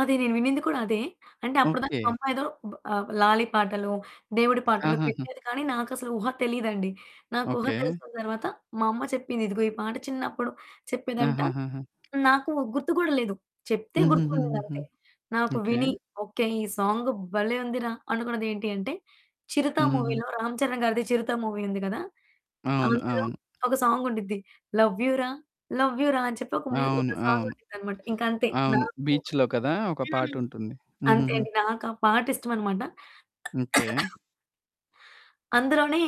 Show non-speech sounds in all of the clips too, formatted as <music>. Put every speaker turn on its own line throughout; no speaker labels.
అది నేను వినింది కూడా అదే. అంటే అప్పుడు దాకా మా
ఓకే.
అమ్మ ఏదో ఆహ్, లాలీ పాటలో, దేవుడి పాటలో
ఆహహ!
పెట్టేది. కానీ నాకసలు ఊహ తెలియదండి. నాకు ఊహ
ఓకే.
తెలిసిన తరువాత మా అమ్మ చెప్పింది, "ఇదిగో, ఈ పాట చిన్నప్పుడు" చెప్పేదంట
ఆహహహ!
నాకు గుర్తు కూడా లేదు. చెప్తే గుర్తుండింది,
హుహుహుహుహు.
అంతే. నాకు
ఓకే.
విని, ఓకే! ఈ సాంగ్ భలే! ఉందిరా అనుకున్నది ఏంటి అంటే 'చిరుత'
హుహుహు.
మూవీలో రామ్ చరణ్ గారిది 'చిరుత' మూవీ ఉంది గదా!
అవును,
అందులో
అవును.
ఒక సాంగుండిద్ది, 'లవ్ యూ రా, లవ్ యూ రా' అని చెప్పి ఒక మ్యూ
అవును
ఒక
అవును.
సాంగుండిద్దనమాట. ఇంకంతే.
అవును.
నాకు
బీచ్‌లో కదా ఒక
హ్మ్.
పాటుంటుంది.
అంతే
హుహుహు.
అండి. నాకా పాట ఇష్టమనమాట.
ఓకే.
<coughs> అందులోనే,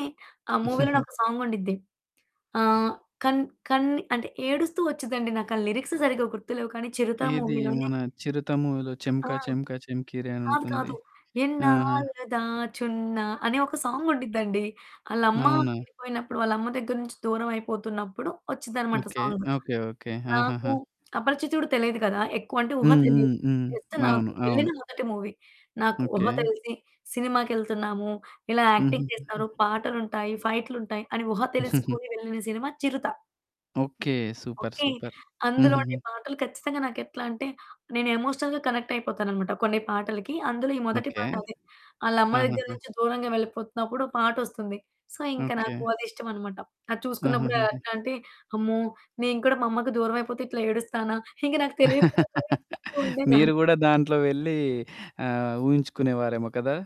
ఆ మూవీలోని
హుహుహు.
ఒక సాంగుండిద్ది. ఆహ్, కన్ కన్ అంటే ఏడుస్తూ వచ్చిద్దండి. నాకు ఆ లిరిక్స్ సరిగ్గా గుర్తు లేవు కానీ 'చిరుత'
ఏది
మూవీలోనే
మన 'చిరుత' మూవీలో చెమ్క
ఆ!
చెమ్క చెమ్కీరే
కాదు
అనుంటుంది.
కాదు.
ఆహా!
ఎన్నాళ్లు దాచున్న అనే ఒక సాంగుండిద్దండి. ఆళ్ళమ్మ
అవునా!
విడిపోయినప్పుడు వాళ్ళ అమ్మ దగ్గర నుంచి దూరం అయిపోతున్నప్పుడు వచ్చిద్దనమాట
ఓకే
సాంగ్.
ఓకే ఓకే
నాకు
ఆహాహా!
'అపరిచితుడు' తెలీదు కదా ఎక్కువ అంటే ఊహ
హ్మ్ హ్మ్
తెలియదు.
హ్మ్.
జస్ట్ నాకు
అవును, అవును.
వెళ్ళిన మొదటి మూవీ. నాకు ఊహ
ఓకే.
తెలిసి సినిమాకెళ్తున్నాము, ఇలా యాక్టింగ్ చేస్తారు,
హుహుహుహు.
పాటలుంటాయి, ఫైట్లుంటాయి అని ఊహ తెలుసుకొని వెళ్ళిన
<chuckles>
సినిమా 'Chirutha'.
Okay, super,
okay.
Super.
అందులోని
హుహుహు.
పాటలు ఖచ్చితంగా నాకెట్లా అంటే, నేను ఎమోషనల్‌గా కనెక్ట్ అయిపోతాననమాట కొన్ని పాటలకి. అందులో ఈ మొదటి
ఓకే.
పాట, అదే ఆళ్ళ అమ్మ దగ్గర
ఆహాహా!
నుంచి దూరంగా వెళ్ళిపోతున్నప్పుడు ఓ పాటొస్తుంది. సో, ఇంకా
ఓకే.
నాకు అది ఇష్టమనమాట. అది చూసుకున్నప్పుడు
ఆహాహాహా!
ఎట్లాంటే, అమ్మో! నేను కూడా మా అమ్మకి దూరం అయిపోతే ఇట్లా ఏడుస్తానా? ఇంకా నాకు తెలియకుండా ఏడుస్తూ
<laughs>
ఉండేదాన్ని.
మీరు గూడా దాంట్లో వెళ్లి ఆహ్, ఊహించుకునే వారేమో కదా!